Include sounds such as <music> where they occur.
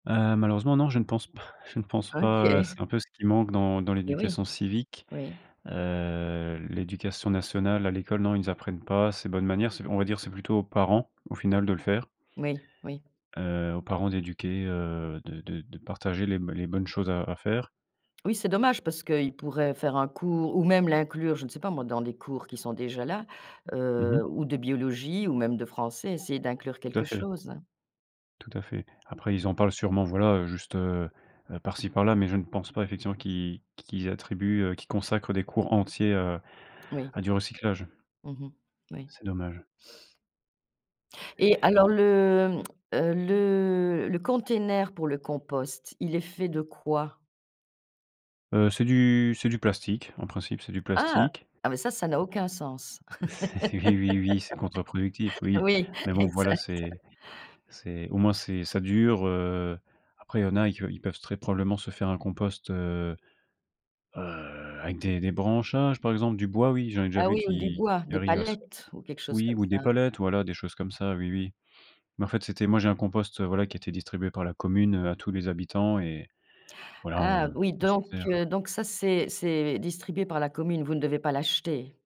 Heu, malheureusement, non, je ne pense p je ne pense pas, heu, OK. c'est un peu ce qui manque dans dans Eh, oui. l'éducation civique. Oui. Heu, l'Éducation Nationale, à l'école, non, ils apprennent pas ces bonnes manières. On va dire, c'est plutôt aux parents, au final, de le faire Oui, oui. heu, aux parents d'éduquer, heu, de de de partager les b les bonnes choses à à faire. Oui, c'est dommage parce qu'ils pourraient faire un cours ou même l'inclure, je ne sais pas, moi, dans des cours qui sont déjà là, Mmh mh. heu, ou de biologie ou même de français, essayer d'inclure Tout à quelque fait. chose, hein. Tout à fait. Après ils en parlent sûrement, voilà, heu, juste, heu heu, par-ci par-là mais je ne pense pas, effectivement, qu'ils qu'ils attribuent heu, qu'ils consacrent des cours entiers, heu, Oui. à du recyclage. Mmh mh. Oui. C'est dommage. Et alors le, mmh, heu, le le container pour le compost, il est fait de quoi? Heu, c'est du c'est du plastique. En principe, c'est du Ah! plastique. Ah, mais ça, ça n'a aucun sens. C c'est eh oui, oui, c'est contre-productif, <laughs> oui Oui, mais bon, voilà, exact. c'est c'est au moins, c'est ça dure, heu, après il y en a que ils peuvent très probablement se faire un compost, heu heu, avec des des branchages, par exemple. Du bois, oui, j'en ai déjà Ah, vu oui ou du qui bois, qui des arrivent à se palettes ou quelque chose oui comme ou des ça? palettes. Voilà, des choses comme ça. Oui, oui mais en fait, c'était moi j'ai un compost, heu, voilà, qui était distribué par la commune, heu, à tous les habitants et voilà on Ah, oui on s'en donc sert. heu donc ça, c'est c'est distribué par la commune. Vous ne devez pas l'acheter?